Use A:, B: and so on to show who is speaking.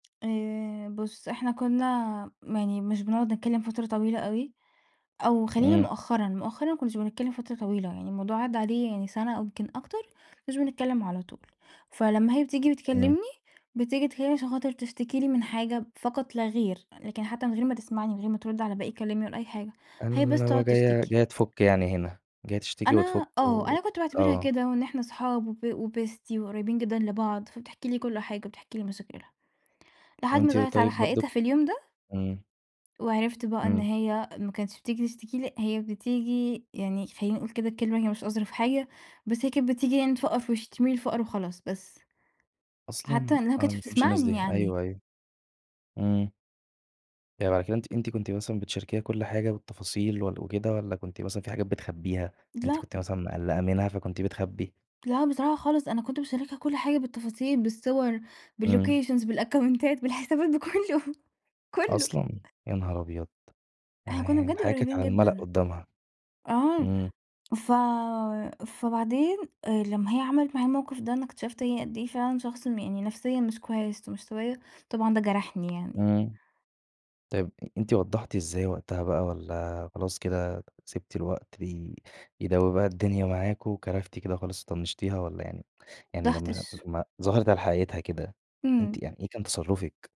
A: آآ بُص، إحنا كُنّا م يعني مش بنقعد نتكلّم فترة طويلة أوي أو خلّينا
B: إمم.
A: مؤخرًا، مؤخرًا ما كُنّاش بنتكلّم فترة طويلة، يعني الموضوع عدّى عليه يعني سَنة أو يمكن أكتر مش بنتكلّم على طول، فلمّا هي بتيجي
B: اهم.
A: بتكلّمني، بتيجي تكلّمني عشان خاطر تشتكي لي من حاجة فقط لا غير، لكن حتّى من غير ما تسمعني، من غير ما ترُد على باقي كلامي ولا أي حاجة، هي بس
B: اللي وهي
A: تقعُد
B: جاية
A: تشتكي.
B: جاية تفُك يعني هنا، جاية تشتكي وتفُك
A: أنا آه.
B: و
A: أنا كنت باعتبرها
B: آه.
A: كده وإن إحنا أصحاب وب وbestie وقريّبين جدًا لبعض، فبتحكي لي كل حاجة وبتحكي لي مشاكلها. لحد ما
B: وأنتِ
A: ظهرت على
B: طيب
A: حقيقتها
B: برضه
A: في اليوم ده.
B: إمم.
A: وعرِفت بقى إن
B: إمم.
A: هي ما كانتش بتيجي تشتكي لي، هي بتيجي يعني خلّينا نقول كده الكلمة هي مش أظرف حاجة، بس هي كانت بتيجي يعني تفقّر في وِشّي، ترمي لي الفقر وخلاص بس. حتّى
B: أصلًا!
A: إنّها ما
B: أنا ما
A: كانتش
B: باحبّش الناس
A: بتسمعني
B: دي.
A: يعني.
B: أيوه، أيوه. إمم. يعني بعد كده أنتِ أنتِ كنتِ مثلًا بتشاركيها كل حاجة بالتفاصيل وال وكده والّا كنتِ مثلًا في حاجات بتخبّيها، أنتِ
A: لأ.
B: كنتِ مثلًا مِقلَّقة منها، فكنتِ بتخبّي؟
A: لأ بصراحة خالص، أنا كنت باشاركها كل حاجة بالتفاصيل، بالصور،
B: إمم.
A: بالlocations، بالأكونتات بالحسابات بكُلّه، كُلّه.
B: أصلًا، يا نهار أبيض!
A: إحنا كُنّا
B: يعني
A: بجد
B: الحياة كانت
A: قريّبين
B: على المَلأ
A: جدًا.
B: قُدّامها.
A: آه.
B: إمم.
A: ف فبعدين آآ لمّا هي عملت معايا الموقف ده، أنا اكتشفت هي قد إيه فعلًا شخص م يعني نفسيًا مش كويس ومش طبيعية، طبعًا ده جرحني يعني.
B: إمم. طيب أ أنتِ وضّحتِ إزاي وقتها بقى والّا خلاص كده سِبتِ الوقت ي يداوي بقى الدنيا معاكم وكَرفتِ كده خالص وطنّشتيها والّا يعني يعني لمّا
A: [unintelligible]
B: لمّا ظهرِت على حقيقتها كده، أنتِ
A: إمم.
B: يعني إيه كان تصرُّفِك؟